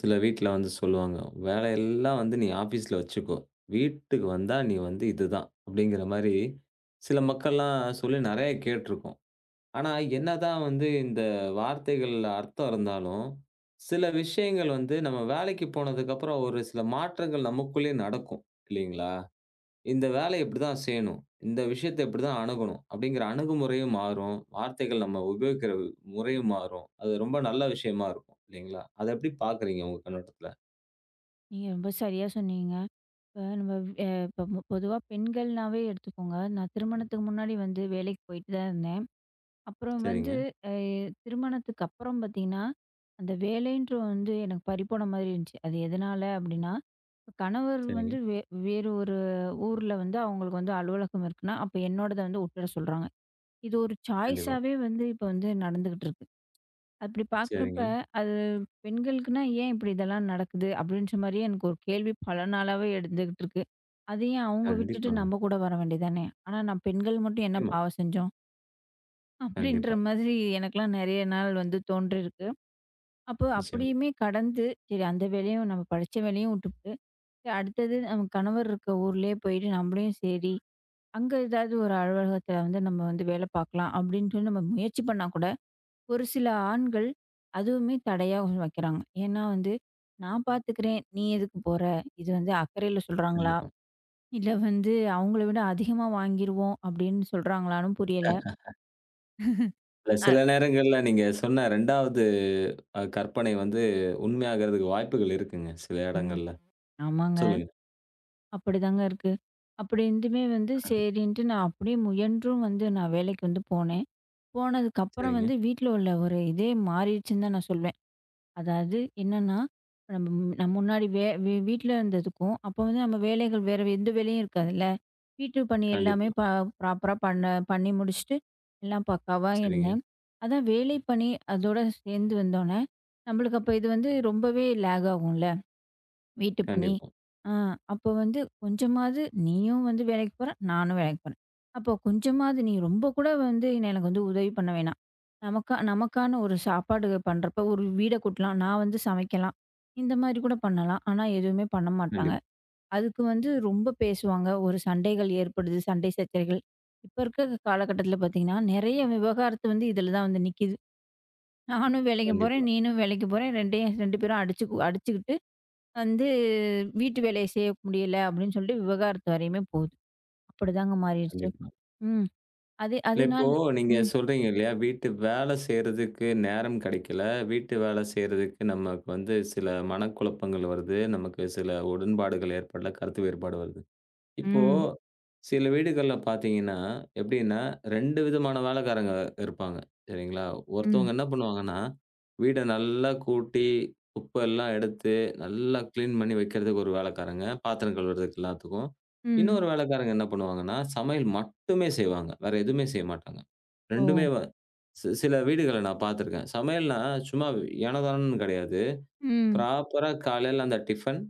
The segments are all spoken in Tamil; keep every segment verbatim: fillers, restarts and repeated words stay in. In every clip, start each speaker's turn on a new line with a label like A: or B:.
A: சில வீட்டுல வந்து சொல்லுவாங்க. வேலை எல்லாம் வந்து நீ ஆபீஸ்ல வச்சுக்கோ. வீட்டுக்கு வந்தா, நீ வந்து இது தான்! அப்படிங்கற மாரி சில மக்கள் எல்லாம் சொல்லி நெறைய கேட்டுருப்போம். ஆனா, என்னதான் வந்து இந்த வார்த்தைகள்ல அர்த்தம் இருந்தாலும் சில விஷயங்கள் வந்து நம்ம வேலைக்கு போனதுக்கு அப்புறம் ஒரு சில மாற்றங்கள் நமக்குள்ளே நடக்கும். இல்லைங்களா? இந்த வேலைய இப்படி தான் செய்யணும். இந்த விஷயத்தை இப்படி தான் அணுகணும்! அப்படிங்கற அணுகுமுறையும் மாறும். வார்த்தைகள் நம்ம உபயோகிக்கிற முறையும் மாறும். அது, ரொம்ப நல்ல விஷயமா இருக்கும், இல்லிங்களா? அதை எப்படி பாக்குறீங்க, உங்க கண்ணோட்டத்துல?
B: நீங்க ரொம்ப சரியா சொன்னீங்கங்க! இப்ப நம்ம அ இப்ப பொதுவா பெண்கள்னாவே எடுத்துக்கோங்க. நான் திருமணத்துக்கு முன்னாடி வந்து வேலைக்குப் போயிட்டு தான் இருந்தேன். அப்புறம் வந்து
A: செரிங்க.
B: அ திருமணத்துக்கு அப்புறம் பாத்தீங்கன்னா, அந்த வேலைன்ற வந்து எனக்கு பறிபோன மாரி இருந்துச்சு. அது எதனால அப்படின்னா, கணவர்
A: செரிங்க.
B: வந்து வே வேறு ஒரு ஊர்ல வந்து அவங்களுக்கு வந்து அலுவலகம் இருக்குன்னா, அப்ப என்னோடத வந்து உட்ற சொல்றாங்க. இது ஒரு
A: கண்டிப்பா.
B: சாய்ஸ்ஸாவே வந்து, இப்ப வந்து நடந்துட்டு இருக்கு. அப்படி பாக்குறப்ப,
A: செரிங்க.
B: அது பெண்களுக்குன்னா ஏன்! இப்படி இதெல்லாம் நடக்குது அப்படின்னு ஒரு கேள்வி பல நாளாகவே எழுந்துகிட்டு இருக்கு. அதை ஏன் அவங்க விட்டுட்டு
A: கண்டிப்பாங்க.
B: நம்ம கூட வர வேண்டியதானே? ஆனா, நம் பெண்கள் மட்டும், என்ன
A: நிச்சயமா.
B: பாவம் செஞ்சோம்? அப்படின்ற
A: கண்டிப்பா.
B: மாதிரி எனக்கெல்லாம் நிறைய நாள் வந்து தோன்றியிருக்கு. அப்போ
A: நிச்சயமா.
B: அப்படியுமே கடந்து, சரி அந்த வேலையும் நம்ம படித்த வேலையும் விட்டுட்டு சரி அடுத்தது நம்ம கணவர் இருக்கிற ஊரிலேயே போயிட்டு நம்மளும் சரி அங்கு ஏதாவது ஒரு அலுவலகத்தில வந்து நம்ம வந்து வேலை பார்க்கலாம் அப்படின்னு சொல்லி நம்ம முயற்சி பண்ணா கூட, ஒரு சில ஆண்கள் அதுவுமே தடையா உருவாக்குறாங்க. ஏன்னா வந்து, "நான் பார்த்துக்கிறேன், நீ எதுக்கு போற?" இது வந்து அக்கறையில் சொல்றாங்களா
A: கண்டிப்பா.
B: இல்லை வந்து அவங்களை விட அதிகமா வாங்கிடுவோம் அப்படின்னு சொல்றாங்களான்னு புரியல.
A: இல்லை,
B: ஆ.
A: சில நேரங்களில் நீங்க சொன்ன ரெண்டாவது கற்பனை வந்து உண்மையாவதற்கு வாய்ப்புகள் இருக்குங்க, சில
B: ம்,
A: இடங்களில்.
B: ஆமாங்க.
A: சொல்லுங்க.
B: அப்படித்தாங்க இருக்கு. அப்படி இருந்துமே வந்து சரின்னு நான் அப்படியே முயன்றும் வந்து நான் வேலைக்கு வந்து போனேன். போனதுக்கு அப்புறம்
A: சரிங்க.
B: வந்து வீட்ல உள்ள ஒரு இதே மாறிடுச்சுன்னு தான் நான் சொல்லுவேன். அதாவது என்னன்னா நம்ம முன்னாடி நம்ம முன்னாடி வே வீட்ல இருந்ததுக்கும் அப்ப வந்து நம்ம வேலைகள் வேற எந்த வேலையும் இருக்காது இல்ல, வீட்டுப் பணி எல்லாமே
A: கண்டிப்பா.
B: ப்ராப்பர்ரா பண்ண பண்ணி முடிச்சிட்டு எல்லாம் பக்காவா
A: சரிங்க.
B: இருந்தேன். அதான் வேலை பணி அதோட சேர்ந்து வந்தோன நம்மளுக்கு அப்ப இது வந்து ரொம்பவே லேக் ஆகும் இல்ல வீட்டுப் பணி?
A: கண்டிப்பா.
B: ஆ, அப்ப வந்து கொஞ்சமாவது நீயும் வந்து வேலைக்கு போற நானும் வேலைக்கு போறேன், அப்ப கொஞ்சமாவது நீ ரொம்ப கூட வந்து எனக்கெல்லாம் வந்து உதவி பண்ண வேண்டாம். நமக்கா நமக்கான ஒரு சாப்பாடு பண்றப்ப ஒரு வீட்டை கூட்டலாம், நான் வந்து சமைக்கலாம் இந்த மாதிரி கூட பண்ணலாம். ஆனா எதுவுமே பண்ணமாட்டாங்க.
A: கண்டிப்
B: அதுக்கு வந்து ரொம்ப பேசுவாங்க, ஒரு சண்டைகள் ஏற்படுது, சண்டை சர்ச்சகள் இப்ப இருக்கிற காலகட்டத்துல பார்த்தீங்கன்னா நிறைய விவகாரத்து வந்து இதுல தான் வந்து நிக்குது. நானும் வேலைக்கு போறேன்,
A: கண்டிப்பா.
B: நீயும் வேலைக்கு போறேன், ரெண்டயு ரெண்டு பேரும் அடிச்சு அடிச்சுக்கிட்டு வந்து வீட்டு வேலையை செய்ய முடியல அப்படின்னு சொல்லிட்டு விவாகரத்து வரையுமே போகுது. அப்படித்தாங்க மாறிடுச்சு.
A: கண்டிப்பா.
B: ம். அது
A: இல்லை,
B: அதனால
A: இப்போ நீங்க
B: ம்.
A: சொல்றீங்க இல்லையா, வீட்டு வேலை செய்றதுக்கு நேரம் கிடைக்கல, வீட்டு வேலை செய்றதுக்கு நமக்கு சில மனக்குழப்பங்கள் வருது, நமக்கு சில உடன்பாடுகள் ஏற்படல, கருத்து வேறுபாடு வருது. இப்போ
B: ம்.
A: சில வீடுகள்ல பார்த்தீங்கன்னா எப்டின்னா, ரெண்டு விதமான வேலைக்காரங்க இருப்பாங்க, சரிங்களா?
B: ம்.
A: ஒருத்தவங்க என்ன பண்ணுவாங்கன்னா, வீட்டை நல்லா கூட்டி, குப்பையெல்லாம் எடுத்து, நல்லா கிளீன் பண்ணி வைப்பதற்கு ஒரு வேலைக்காரங்க, பாத்திரம் கழுவுறதுககு, எல்லாத்துக்கும்.
B: ம்.
A: இன்னொரு வேலைக்காரங்க என்ன பண்ணுவாங்கன்னா, சமையல் மட்டுமே செய்வாங்க. வேற எதுவுமே செய்யமாட்டாங்க.
B: ஓ.
A: ரெண்டுமே வ சி சில வீடுகளில் நான் பார்த்திருக்கிறேன். சமையல்னா சும்மா ஏனோதானோன்னு கிடையாது.
B: ம்.
A: ப்ராப்பர்ரா காலையில அந்த டிபன்,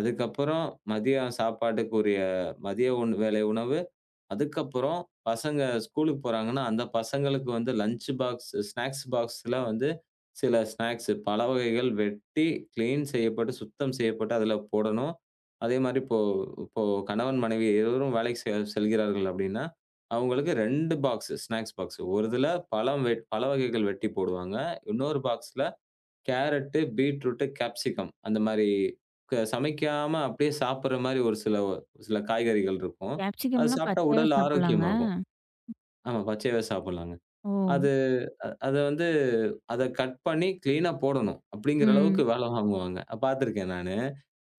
A: அதுக்கப்புறம் மதிய சாப்பாட்டிற்குரிய மதிய உண் வேலை உணவு, அதுக்கப்புறம் பசங்க ஸ்கூலுக்கு போறாங்கன்னா அந்தப் பசங்களுக்கு வந்து லஞ்ச் பாக்ஸ் ஸ்நாக்ஸ் பாக்ஸ்ல வந்து சில பாக்ஸ், பழ வகைகள் வெட்டி, கிளீன் செய்யப்பட்டு, சுத்தம் செய்யப்பட்டு அதில் போடணும். அதே மாதிரி இப்போ இப்போ கணவன் மனைவி இருவரும் வேலைக்கு செ செல்கிறார்கள் அப்படின்னா, அவங்களுக்கு ரெண்டு பாக்ஸ், ஸ்நாக்ஸ் பாக்ஸ்சு ஒரு இதுல பழ வகைகள் வெட்டிப் போடுவாங்க. இன்னொரு பாக்ஸ்ல கேரட், பீட்ரூட், காப்சிகம் அந்த மாரி க சமைக்காம அப்படியே சாப்பிடுற மாரி ஒரு சில ஒரு சில காய்கறிகள் இருக்கும். அதை
B: காப்சிகம்லாம்
A: சாப்பிட்டா
B: பச்சையாவே
A: உடல்
B: சாப்பிடலாங்க.
A: ஆரோக்கியமாகும். ஆமா, பச்சையாவே சாப்பிடலாங்க.
B: ஓ.
A: அதை அதை வந்து, அதை கட் பண்ணி கிளீன்னா போடணும், அப்படிங்கிற அளவுக்கு
B: ம்.
A: வேலை வாங்குவாங்க. பார்த்திருக்கேன் நானு.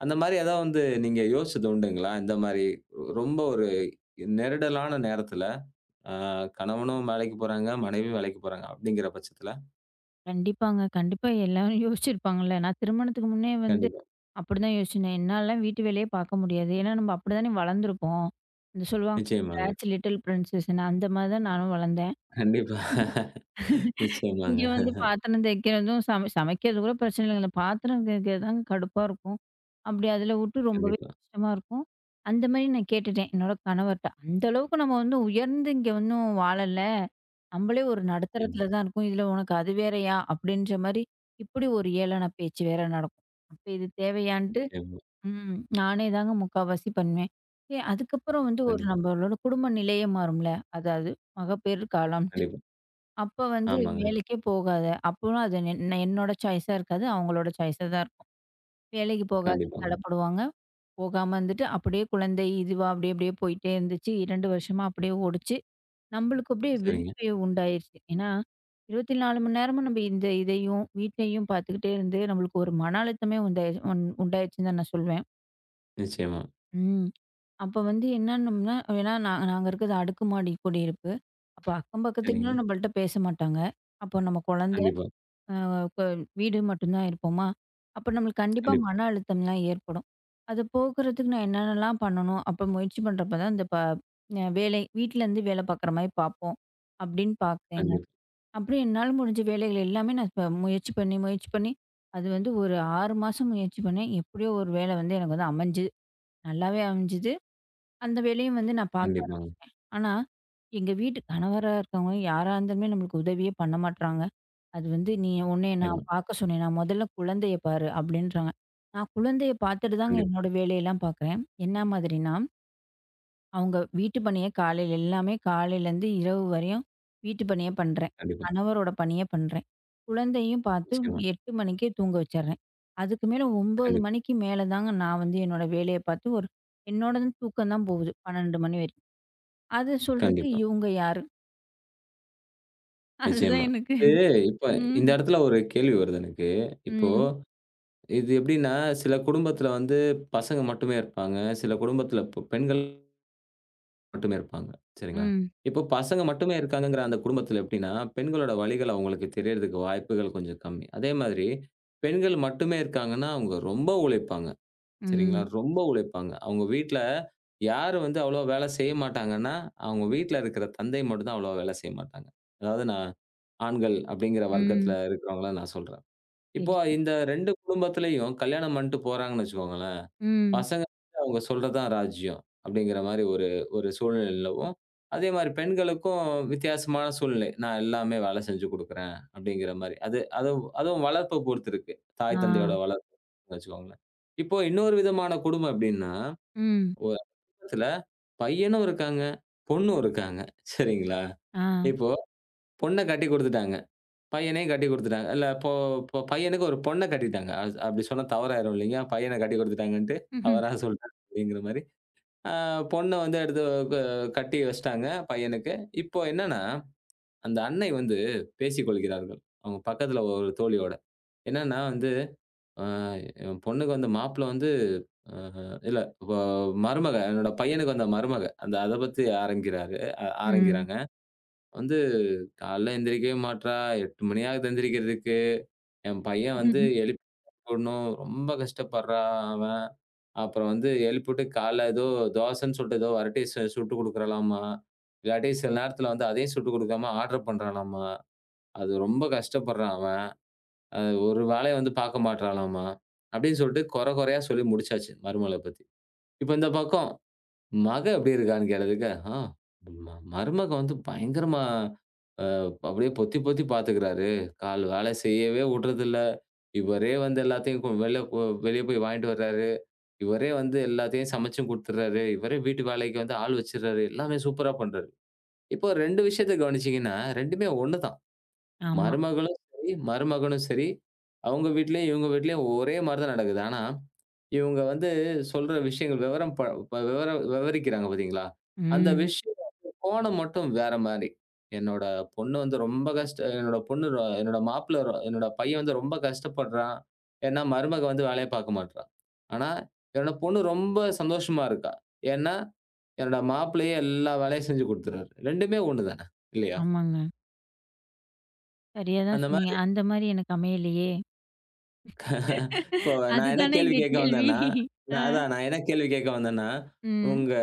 A: அந்த மாரி ஏதாவது வந்து நீங்க யோசித்தது உண்டுங்களா? இந்த மாரி ரொம்ப ஒரு நெருக்கடியான நேரத்தில், கணவனும் வேலைக்கு போறாங்க, மனைவியும் வேலைக்கு போறாங்க அப்படிங்கிற பட்சத்தில?
B: கண்டிப்பாங்க. கண்டிப்பா. எல்லாரும் யோசிச்சு இருப்பாங்கல்ல. நான் திருமணத்துக்கு முன்னே வந்து
A: கண்டிப்பா.
B: அப்படி தான் யோசிச்சேன். என்னாலலாம் வீட்டு வேலையே பார்க்க முடியாது. ஏன்னா நம்ப அப்படி தான் வளர்ந்து இருக்கோம். இந்த சொல்லுவாங்க
A: நிச்சயமாங்க.
B: டேட்ஸ் லிட்டில் ப்ரின்சஸ்னு அந்த மாதிரி தான் நானும் வளர்ந்தேன்.
A: கண்டிப்பா.
B: இங்க
A: நிச்சயமாங்க.
B: வந்து பாத்திரம் தேய்க்கறதும் சமை சமைக்கிறது கூட பிரச்சனை இல்லைங்க. இந்த பாத்திரம் தேய்க்கறது தான் கடுப்பா இருக்கும். அப்படி அதுல விட்டு ரொம்பவே
A: கண்டிப்பா.
B: கஷ்டமா இருக்கும். அந்த மாதிரி நான் கேட்டுட்டேன். என்னோட கணவர்ட்ட. அந்த அளவுக்கு நம்ம உயர்ந்து இங்க ஒண்ணும் வாழல. நம்மளே ஒரு
A: நிச்சியமா.
B: நடுத்தரத்துல தான் இருக்கோம். இதுல உனக்கு அது வேறயா? அப்படின்ற மாதிரி இப்படி ஒரு ஏளன பேச்சு வேற நடக்கும். அப்ப இது தேவையான்ட்டு
A: நிச்சியமா.
B: ம். நானே தாங்க முக்காவாசி பண்ணுவேன். ஏன், அதுக்கப்புறம் வந்து ஒரு
A: கண்டிப்பா.
B: நம்மளோட குடும்ப நிலையும் மாறும்ல. அதாவது மகப்பேறு காலம்.
A: கண்டிப்பா.
B: அப்ப வந்து
A: ஆமாங்க.
B: வேலைக்கே போகாத. அப்போ அது என் என்னோட சாய்ஸா இருக்காது. அவங்களோட சாய்ஸாதான் இருக்கும். வேலைக்குப் போகாத
A: கண்டிப்பாங்
B: தள்ளப்படுவாங்க. போகாம வந்துட்டு அப்படியே குழந்தை இதுவா அப்படியே அப்படியே போயிட்டே இருந்துச்சு. இரண்டு வருஷமா அப்படியே ஓடுச்சு. நம்மளுக்கு அப்படியே [unintelligible]
A: சரிங்க.
B: உண்டாயிருச்சு. ஏன்னா இருபத்தி நாலு மணி நேரமும் நம்ம இந்த இதையும், வீட்டையும் பாத்துக்கிட்டே இருந்து நம்மளுக்கு ஒரு மன அழுத்தமே உண்டாயிருச்சு உண்டாயிருச்சுன்னு தான் நான் சொல்லுவேன்.
A: நிச்சயமா.
B: ம். அப்போ வந்து என்னா நம்மன்னா, ஏன்னா நா நாங்க இருக்குறது, அடுக்குமாடி குடியிருப்பு. அப்ப அக்கம் பக்கத்து வீட்ல
A: சரிங்க.
B: நம்மள்ட்ட பேச மாட்டாங்க. அப்போ நம்ம குழந்தை,
A: கண்டிப்பா.
B: அ இப்ப வீடு மட்டும்தான் இருப்போமா? அப்போ நம்மளுக்கு கண்டிப்பா
A: கண்டிப்
B: மன அழுத்தம்லாம் ஏற்படும். அத போக்குறதுக்கு நான் என்னனெல்லாம் பண்ணணும்? அப்போ முயற்சி பண்றப்போ தான் இந்த பா வேலை வீட்டுல இருந்து வேலை பாக்குற மாதிரி பாப்போம் அப்படின்னு பாத்தேங்க.
A: [unintelligible]
B: அப்படி என்னால முடிஞ்ச வேலைகள் எல்லாமே நான் இப்ப முயற்சி பண்ணி, முயற்சி பண்ணி, அது வந்து ஒரு ஆறு மாசம் முயற்சி பண்ணேன். எப்படியோ ஒரு வேலை வந்து எனக்கு அமைஞ்சு நல்லாவே அமைஞ்சது. அந்த வேலையையும் வந்து நான் பாக்க
A: கண்டிப்பாங்க.
B: ஆரம்பிச்சிட்டேன். ஆனா எங்க வீட்டு கணவரா இருக்கவங்க, யாரா இருந்தாலுமே நம்மளுக்கு உதவியே பண்ண மாட்றாங்க. அது வந்து, "நீ உன்னைய
A: நிச்சியமா.
B: நான் பார்க்கச் சொன்னேனா? முதல்ல குழந்தைய பாரு." அப்படின்றாங்க. நான் குழந்தைய பாத்துட்டு தாங்க
A: கண்டிப்பா.
B: என்னோட வேலைய எல்லாம் பாக்குறேன். என்ன மாதிரினா அவங்க வீட்டு பணிய காலையில எல்லாமே காலைல இருந்து இரவு வரையும் வீட்டு பணியை பண்றேன்.
A: கண்டிப்பா.
B: கணவரோட பணிய பண்றேன். குழந்தையும் பாத்து
A: நிச்சியமா.
B: எட்டு மணிக்குத் தூங்க வச்சிடுறேன். அதுக்கு மேல ஒம்பது
A: கண்டிப்பா.
B: மணிக்கு மேல தான், நான் வந்து என்னோட வேலைய பாத்து, ஒரு என்னோடதும் தூக்கம் தான் போகுது. பன்னெண்டு மணி வரை. அது சொல்றதுக்கு
A: கண்டிப்பா.
B: இவங்க யாரு? அது தான்
A: நிச்சயமா.
B: எனக்கு
A: இது இப்ப
B: ம்.
A: இந்த எடத்துல ஒரு கேள்வி வருது எனக்கு. இப்போ
B: ம்.
A: இது எப்படின்னா, சில குடும்பத்துல வந்து பசங்க மட்டுமே இருப்பாங்க. சில குடும்பத்துல ப்ப பெண்கள் மட்டுமே இருப்பாங்க. சரிங்களா!
B: ம்.
A: இப்போ பசங்க மட்டுமே இருக்காங்கங்கிற அந்த குடும்பத்துல எப்படின்னா? பெண்களோட வலிகள் அவுங்களுக்கு தெரியறதுக்கு வாய்ப்புகள் கொஞ்சம் கம்மி. அதே மாதிரி பெண்கள் மட்டுமே இருக்காங்கன்னா அவுங்க ரொம்ப உழைப்பாங்க. சரிங்களா?
B: ம்.
A: ரொம்ப உழைப்பாங்க. அவுங்க வீட்ல யாரு வந்து அவ்வளவா வேலை செய்யமாட்டாங்கன்னா, அவுங்க வீட்ல இருக்கிற தந்தை மட்டும்தான் அவ்வளவா வேலை செய்யமாட்டாங்க. அதாவது நான் ஆண்கள் அப்படிங்கிற வர்க்கத்துல
B: ம்.
A: இருக்கிறவங்கள நான் சொல்றேன். இப்போ
B: சரி.
A: இந்த ரெண்டு குடும்பத்துலயும் கல்யாணம் பண்ட்டு போறாங்கன்னு வச்சுக்கோங்களேன்.
B: ம்.
A: பசங்க அவுங்க சொல்றதுதான் ராஜ்யம் அப்படிங்கிற மாரி ஒரு ஒரு சூழ்நிலை நிலவும். அதே மாரி பெண்களுக்கும் வித்தியாசமான சூழ்நிலை நான் எல்லாமே வேலை செஞ்சு கொடுக்குறேன் அப்படிங்கிற மாரி. அது அதுவு அதுவும் வளர்ப்பை பொறுத்திருக்கு. தாய் தந்தையோட
B: ஆ,
A: வளர்ப்பு வச்சுக்கோங்களேன். இப்போ இன்னொரு விதமான குடும்பம் எப்டின்னா?
B: ம்.
A: ஒ [unintelligible] பையனும் இருக்காங்க, பொண்ணும் இருக்காங்க. சரிங்களா?
B: ஆ,
A: இப்போ பொண்ண கட்டிக்குடுத்துட்டாங்க. பையனையும் கட்டிக்குடுத்துட்டாங்க. இல்ல இப்போ போ பையனுக்கு ஒரு பொண்ணை கட்டிட்டாங்க. அ அப்டி சொன்னா தவறாயிரும் இல்லையா! பையன கட்டிக்குடுத்துட்டாங்கன்னுட்டு,
B: ம்ஹ்ம்.
A: தவறா சொல்ட்டேன் அப்படிங்கிற மாரி. ஆ பொண்ண வந்து எடுத்து க கட்டி வச்சிட்டாங்க, பையனுக்கு. இப்போ என்னான்னா, அந்த அன்னை வந்து பேசிக் கொள்கிறார்கள். அவுங்க பக்கத்துல ஒரு தோழியோட. என்னான்னா வந்து, ஆ "என் பொண்ணுக்கு வந்து மாப்பிள்ளை வந்து" அ அ இல்ல! வ மருமக "என்னோட பையனுக்கு வந்த மருமக" அந்த அதப் பத்தி ஆரம்பிக்கிறாரு அ
B: ம்.
A: ஆரம்பிக்கிறாங்க. வந்து, "காலையில எந்திரிக்கவே மாட்றா! எட்டு மணியாகுது எந்திரிக்கிறதுக்கு, என் பையன் வந்து எழுப்பி [unintelligible] ணும். ரொம்ப கஷ்டப்படுறான் அவன். அப்புறம் வந்து எழுப்பிட்டு காலையில ஏதோ தோசைன்னு சொல்லிட்டு ஏதோ வரட்டிய சு சுட்டு குடுக்கிறளாம்மா! இல்லாட்டி சில நேரத்துல வந்து அதையும் சுட்டு குடுக்காம, ஆடர் பண்றாளாம்மா. அது ரொம்ப கஷ்டப்படுறான் அவன். அ ஒரு வேலையையும் வந்து பாக்க மாட்டுறாளாம்மா!" அப்டின்னு சொல்ட்டு கொற கொறையா சொல்லி முடிச்சாச்சு. மருமகளப் பத்தி. இப்ப இந்தப் பக்கம், மக எப்படி இருக்கான்னு? கேளதுக்க "ஆ, ம்ம மருமகன் வந்து பயங்கரமா அ அப்டியே பொத்தி பொத்தி பாத்துக்கிறாரு. கால் வேலை செய்யவே உட்றது இல்ல. இவரே வந்து எல்லாத்தையும் கு வெளில கு வெளிய போய் வாங்கிட்டு வர்றாரு. இவரே வந்து எல்லாத்தையும் சமைச்சும் குடுத்துர்றாரு. இவரே வீட்டு வேலைக்கு வந்து ஆள் வச்சிர்றாரு. எல்லாமே சூப்பரா பண்றாரு." இப்ப ரெண்டு விஷயத்தை கவனிச்சீங்கன்னா, ரெண்டுமே ஒண்ணுதான்.
B: ஆமா.
A: மருமகளும் சரி மருமகனும் சரி, அவுங்க வீட்லேயும், இவுங்க வீட்லேயும் ஒரே மாரிதான் நடக்குது. ஆனா, இவுங்க வந்து சொல்ற விஷயங்கள் வெவரம் ப ப வெவரம் வெவரிக்குறாங்க பாத்தீங்களா? அந்த
B: ம்.
A: விஷயத்தின் கோணம் மட்டும் வேற மாரி. என்னோட பொண்ணு வந்து ரொம்ப கஷ்ட அ என்னோட பொண்ணு ரொ என்னோட மாப்பிள்ளை ரொ என்னோட பையன் வந்து ரொம்ப கஷ்டப்படுறான். ஏன்னா மருமக வந்து வேலையப் பாக்க மாட்ர்றா! ஆனா என்னோட பொண்ணு ரொம்ப சந்தோஷமா இருக்கா. ஏன்னா, என்னோட மாப்பிள்ளையே எல்லா வேலையும் செஞ்சு குடுத்துடுறாரு. ரெண்டுமே ஒண்ணுதானே! இல்லையா?
B: ஆமாங்க. சரியா தான்
A: அந்த
B: சொன்னீங்க.
A: மாதிரி
B: அந்த மாதிரி எனக்கு அமையலையே.
A: இப்போ நான் என்ன
B: அதுதானே
A: கேள்வி
B: இங்க
A: கேட்க
B: கேள்வி.
A: வந்தேன்னா,
B: ஆ.
A: நா அதான் நான் என்ன கேள்வி கேட்க வந்தேன்னா
B: ம்.
A: உங்க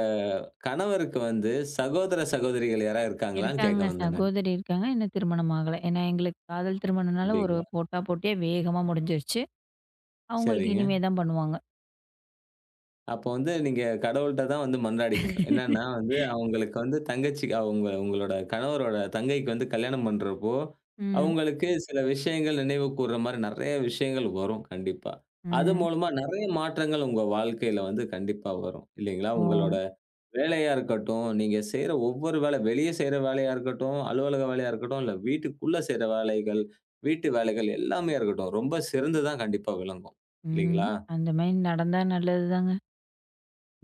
A: கணவருக்கு வந்து சகோதர சகோதரிகள் யாராவது இருக்காங்களான்னு கேட்க
B: இருக்காங்க.
A: வந்தேங்க.
B: சகோதரி இருக்காங்க. இன்னும் திருமணம் ஆகலை. ஏன்னா எங்களுக்குக் காதல் திருமணம்னால ஒரு
A: அப்டீங்களா?
B: போட்டா போட்டியே வேகமா முடிஞ்சிடுச்சு. அவங்களுக்கு
A: சரிங்க.
B: இனிமே தான் பண்ணுவாங்க.
A: அப்ப வந்து நீங்க கடவுள்ட்டதான் வந்து மன்றாடிக்கணும். என்னன்னா வந்து அவங்களுக்கு வந்து தங்கச்சிகா உங்க உங்களோட கணவரோட தங்கைக்கு வந்து கல்யாணம் பண்றப்போ,
B: ம்.
A: அவங்களுக்கு சில விஷயங்கள் நினைவுகூர்ற மாதிரி நிறைய விஷயங்கள் வரும். கண்டிப்பா. அது
B: ம்.
A: மூலமா நிறைய மாற்றங்கள் உங்க வாழ்க்கையில வந்து கண்டிப்பா வரும். இல்லீங்களா? உங்களோட
B: ஓ!
A: வேலையா இருக்கட்டும், நீங்க செய்ற ஒவ்வொரு வேலை, வெளிய செய்ற வேலையா இருக்கட்டும், அலுவலக வேலையா இருக்கட்டும், இல்ல வீட்டுக்குள்ள செய்ற வேலைகள், வீட்டு வேலைகள் எல்லாமே இருக்கட்டும். ரொம்ப சிறந்துதான் கண்டிப்பா விளங்கும்.
B: ம்.
A: இல்லீங்களா?
B: அந்த மாதிரி நடந்தா நல்லது தாங்க.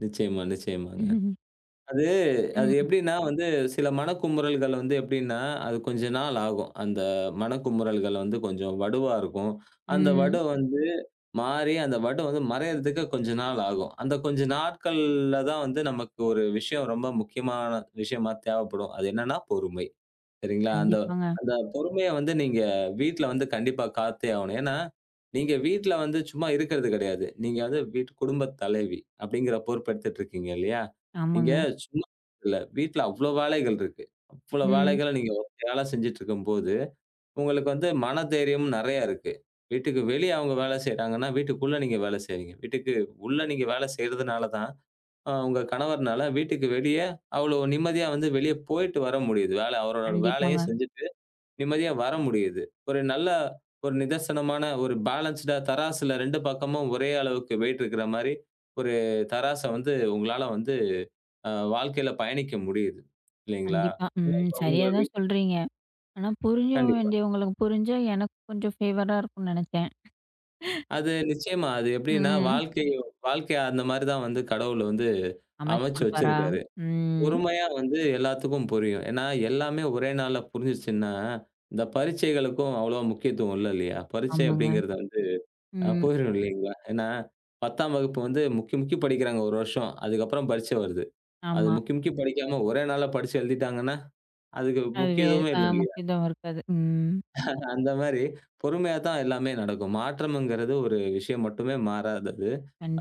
A: நிச்சயமா, நிச்சயமாங்க. அது அது
B: ம்.
A: எப்படின்னா வந்து சில மனக்குமுறல்கள் வந்து எப்படின்னா அது கொஞ்ச நாள் ஆகும். அந்த மனக்குமுறல்கள் வந்து கொஞ்சம் வடுவா இருக்கும். அந்த வடு
B: ம்.
A: வந்து மாறி அந்த வடு வந்து மறையறதுக்கு கொஞ்ச நாள் ஆகும். அந்த கொஞ்ச நாட்கள்ல தான் வந்து நமக்கு ஒரு விஷயம் ரொம்ப முக்கியமான விஷயமா தேவைப்படும். அது என்னன்னா பொறுமை. சரிங்களா? அந்த
B: கண்டிப்பாங்க.
A: அந்த பொறுமைய வந்து நீங்க வீட்ல வந்து கண்டிப்பா காத்தே ஆகணும். ஏன்னா, நீங்க வீட்ல வந்து சும்மா இருக்கறது கிடையாது. நீங்க வந்து வீட்டு குடும்பத் தலைவி அப்படிங்கிற பொறுப்பு எடுத்துட்டு இருக்கீங்க இல்லையா? இங்க
B: ஆமாங்க.
A: சும்மா இல்ல. வீட்ல அவ்வளவு வேலைகள் இருக்கு. அவ்வளவு
B: ம்.
A: வேலைகளை நீங்க ஒத்தையாளா செஞ்சிட்டு இருக்கும்போது, உங்களுக்கு வந்து மன தைரியம் நிறைய இருக்கு. வீட்டுக்கு வெளிய அவங்க வேலை செய்றாங்கன்னா வீட்டுக்குள்ள நீங்க வேலை செய்றீங்க. வீட்டுக்கு உள்ள நீங்க வேலை செய்றதுனால தான் உங்க கணவர்னால வீட்டுக்கு வெளிய அவ்வளவு நிம்மதியா வந்து வெளிய போயிட்டு வர முடியுது. வேலை அவரோட வேலைய
B: கண்டிப்பாங்க.
A: செஞ்சிட்டு நிம்மதியா வர முடியுது. ஒரு நல்ல ஒரு நிதர்சனமான ஒரு பேலன்ஸ்டா தராசுல ரெண்டு பக்கமும் ஒரே அளவுக்கு வெயிட் இருக்கிற மாதிரி ஒரு தராசு வந்து உங்களால வந்து அ வாழ்க்கையில பயணிக்க முடியுது. இல்லீங்களா?
B: கண்டிப்பா. ம்.
A: [unintelligible] உங்க
B: சரியா
A: வி
B: தான் சொல்றீங்க. ஆனா புரிஞ்ச
A: கண்டிப்பா.
B: வேண்டிய உங்களுக்குப் புரிஞ்சா எனக்குக் கொஞ்சம் ஃபேவரா இருக்கும்னு நினைச்சேன்.
A: அது நிச்சயமா அது எப்படின்னா
B: ம்.
A: வாழ்க்கை வாழ்க்கைய அந்த மாதிரிதான் வந்து கடவுளை வந்து
B: அமைச்சு
A: அமைச்சு
B: குடுப்பாரா?
A: வச்சிருக்காரு.
B: ம்.
A: பொறுமையா வந்து எல்லாத்துக்கும் புரியும். ஏன்னா எல்லாமே ஒரே நாள்ல புரிஞ்சுச்சுன்னா, இந்த பரிட்சைகளுக்கும் அவ்வளவு முக்கியத்துவம் இல்ல. இல்லையா? பரிட்சை
B: ஆமாங்க.
A: அப்படிங்கறது வந்து அ
B: ம்.
A: போயிரும். இல்லீங்களா? ஏன்னா பத்தாம் வகுப்பு வந்து முக்கி, முக்கி படிக்கிறாங்க ஒரு வருஷம். அதுக்கப்புறம் பரிட்சை வருது. அது
B: ஆமா.
A: முக்கி, முக்கி படிக்காம ஒரே நாள்ல படிச்சு எழுதிட்டாங்கன்னா, அதுக்கு
B: அதுவே
A: முக்கியத்துவமே
B: ஆ
A: இல்ல. இல்லையா?
B: முக்கியத்துவம் இருக்காது. ம்.
A: அந்த மாதிரி பொறுமையா தான் எல்லாமே நடக்கும். மாற்றம்ங்கறது ஒரு விஷயம் மட்டுமே மாறாதது.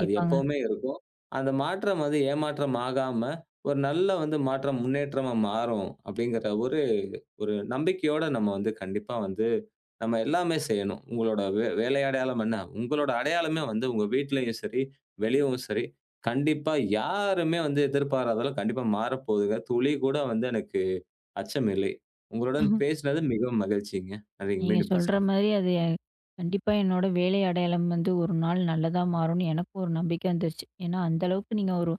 A: அது எப்பவுமே இருக்கும். அந்த மாற்றம் வந்து ஏமாற்றம் ஆகாம ஒரு நல்ல வந்து மாற்றம் முன்னேற்றமா மாறும். அப்படிங்கிற ஒரு ஒரு நம்பிக்கையோட நம்ம வந்து கண்டிப்பா வந்து நம்ம எல்லாமே செய்யணும். உங்களோட வே வேலை அடையாளம் என்ன? உங்களோட அடையாளமே வந்து உங்க வீட்டிலேயும் சரி, வெளியவும் சரி கண்டிப்பா யாருமே வந்து எதிர்பாராததெல்லாம் கண்டிப்பா மாறப்போகுது. துளி கூட வந்து எனக்கு அச்சமில்லை. உங்களுடன் வந்து பேசுனது மிகவும் மகிழ்ச்சிங்க. நன்றிங்க
B: நீங்கச்
A: மீண்டும்
B: சொல்ற
A: பேசலாம்.
B: மாதிரி அது எ கண்டிப்பா என்னோட வேலை அடையாளம் வந்து ஒரு நாள் நல்லதா மாறும்னு எனக்கும் ஒரு நம்பிக்கை வந்துடுச்சு. ஏன்னா அந்த அளவுக்கு நீங்க ஒரு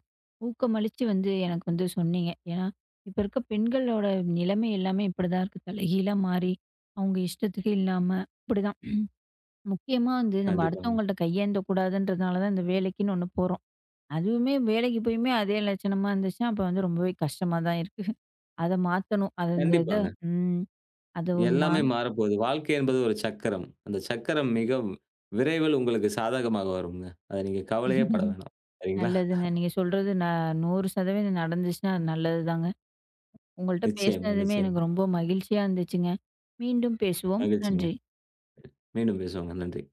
B: ஊக்கமளிச்சு வந்து எனக்கு வந்து சொன்னீங்க. ஏன்னா இப்ப இருக்க பெண்களோட நிலைமை எல்லாமே இப்படி தான் இருக்கு. தலைகீழா மாறி அவங்க இஷ்டத்துக்கு இல்லாம இப்படி தான். முக்கியமா வந்து நம்ம
A: கண்டிப்பாங்க.
B: அடுத்தவங்கள்ட்ட கையேந்தக் கூடாதுன்றதுனால தான் இந்த வேலைக்குன்னு ஒண்ணு போறோம். அதுவுமே வேலைக்கு போயிமே அதே லட்சணமா இருந்துச்சுன்னா, அப்போ வந்து ரொம்பவே கஷ்டமா தான் இருக்கு. அதை மாத்தணும். அது அந்த இது
A: கண்டிப்பாங்க.
B: ம். அது உண்மா.
A: எல்லாமே மாறப்போகுது. வாழ்க்கை என்பது ஒரு சக்கரம். அந்தச் சக்கரம் மிகவும் விரைவில் உங்களுக்குச் சாதகமாக வருங்க. அத நீங்க கவலையே பட வேணாம். சரிங்களா?
B: நல்லதுங்க. நீங்கச் சொல்றது நான் நூறு சதவீதம் இது நடந்துச்சுன்னா நல்லது தாங்க. உங்கள்ட்ட
A: நிச்சயமா,
B: பேசுனதுமே
A: நிச்சயமா.
B: எனக்கு ரொம்ப மகிழ்ச்சியா இருந்துச்சுங்க. மீண்டும் பேசுவோம்.
A: மகிழ்ச்சிங்க.
B: நன்றி.
A: மீண்டும் பேசுவோங்க நன்றி.